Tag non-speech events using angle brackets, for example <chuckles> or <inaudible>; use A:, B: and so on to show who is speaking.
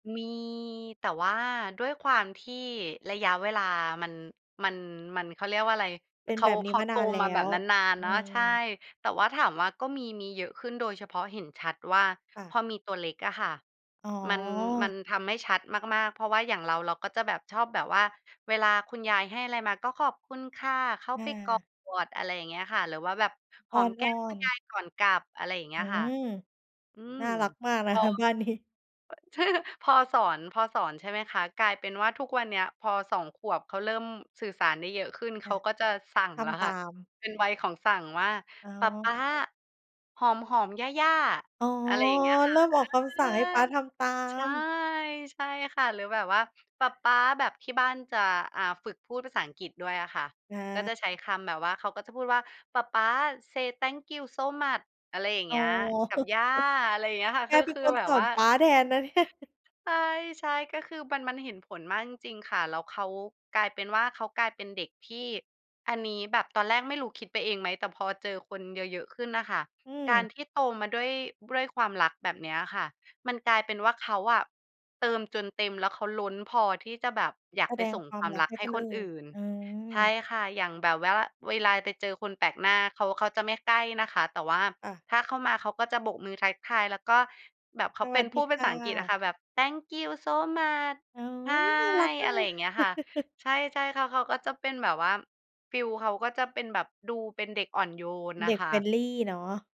A: มี แต่ว่าด้วยความที่ระยะเวลามัน มัน มัน เขาเรียกว่าอะไร
B: เป็น
A: เขา
B: แบบนี
A: เ
B: ้
A: ขา
B: มา
A: โ
B: น
A: ต
B: านแล้
A: มาแบ
B: ว
A: บนาน
B: อื
A: ๆ เนาะ ใช่
B: ม
A: แต่ว่าถามว่าก็มี มีเยอะขึ้นโดยเฉพาะเห็นชัดว่า
B: ค่
A: พ
B: ะ
A: อมีตัวเล็กอะค่ะ
B: อ๋
A: มัน มั
B: อ
A: นทำให้ชัดมาก ๆ เพราะว่าอย่างเรา เราก็จะแบบชอบแบบว่าเวลาคุณยายให้อะไรมาก็ "ขอบคุณค่ะ" เข้า
B: อ
A: ไปกอ
B: า
A: ด อะไรอย่างเงี้ยค่ะ หรือว่าแบบห
B: อ้
A: อ
B: อ
A: มแก้มคุ
B: น
A: ณย
B: ๆ
A: ายก่อนกลับ อะไรอย่างเง
B: อ
A: ี้
B: ื
A: ยค่ะ
B: ม
A: อืม
B: น่ารักมาก น
A: พ
B: ะ
A: อ
B: คะบ้านนี้
A: ใช่ค่ะ พอสอน พอสอน ใช่ไหมคะ กลายเป็นว่าทุกวันเนี้ย พอ 2 ขวบเขาเริ่มสื่อสารได้เยอะขึ้น เ
B: ค
A: ข
B: ่ะ
A: าก็จะสั่ง
B: ท
A: แล้ว
B: ำต
A: ค่ะ
B: าม
A: เป็นวัยของสั่งว่า
B: อ๋
A: "ปะป
B: อ
A: ๊าหอม ๆ ย่า ๆ"
B: อ๋อ
A: อะไรอย่างเงี้ยค
B: เร
A: ่ะ
B: ิ่มออกค
A: เอ
B: ำสั่
A: อ
B: งให้ป๊าทำตา
A: ใช่
B: ม
A: ใช่ ใช่ค่ะ หรือแบบว่าปะป๊า แบบที่บ้านจะ อ่า ฝึกพูดภาษาอังกฤษด้วยอะค่ะ
B: อ
A: ก็
B: า
A: จะใช้คำแบบว่า เขาก็จะพูดว่า "ปะป๊า say thank you so much" อะไรอย่าง
B: อ๋
A: เง
B: อ
A: ี้ย กับ
B: <chuckles>
A: ย่า อะไรอย่างเงี้ยค่
B: แ
A: ะ
B: ก
A: คือ
B: เป็น
A: คือ
B: คน
A: แบ
B: ส
A: บ
B: อ
A: ว
B: น
A: ่า
B: ป๊าแทน นะเนี่ย
A: ใช่ ๆ ก็คือมัน มันเห็นผลมากจริง ๆ ค่ะ แล้วเขา กลายเป็นว่า เขากลายเป็นเด็กที่ อันนี้แบบตอนแรกไม่รู้คิดไปเองไหม? แต่พอเจอคนเยอะ ๆ ขึ้นน่ะค่ะ
B: อื
A: กา
B: ม
A: รที่โตมาด้วย ด้วยความรักแบบเนี้ยอะค่ะ มันกลายเป็นว่าเขาอะเติมจนเต็ม แล้วเขาล้นพอที่จะแบบอยา
B: แส
A: กไป
B: ดง
A: ส่ง
B: ควา
A: ค
B: ม
A: วาม
B: รัก
A: รัก
B: ให้
A: ให
B: ค
A: ้
B: น
A: ค
B: อ
A: น
B: ื่น
A: อื่น
B: อื
A: ใช่
B: ม
A: ค่ะ อย่างแบบว่า เวลาไปเจอคนแปลกหน้าเขา เขาจะไม่ใกล้นะคะ แต่ว่า
B: อะ
A: ถ้าเข้ามาเขาก็จะโบกมือทักทาย แล้วก็แบบเข
B: ส
A: าเ
B: ว
A: ป็
B: ัส
A: น
B: ด
A: พ
B: ี
A: ูด
B: ค
A: ภา
B: ่
A: ษาอังกฤษอะ
B: ะ
A: ค่ะแบบ "Thank you so much."
B: โอ๊
A: ใช่
B: ย น่ารักมา
A: อ
B: ก
A: ะไ
B: เ
A: ร
B: ลย
A: อย่างเงี้ยค่ะ
B: <chuckles>
A: ใช่ ๆ ค่ะ เขาก็จะเป็นแบบว่า ฟีลเขาก็จะเป็นแบบดูเป็นเด็กอ่อนโยน
B: เ
A: น่
B: ด
A: ะ
B: ็ก
A: ค่ะ
B: friendly เนาะ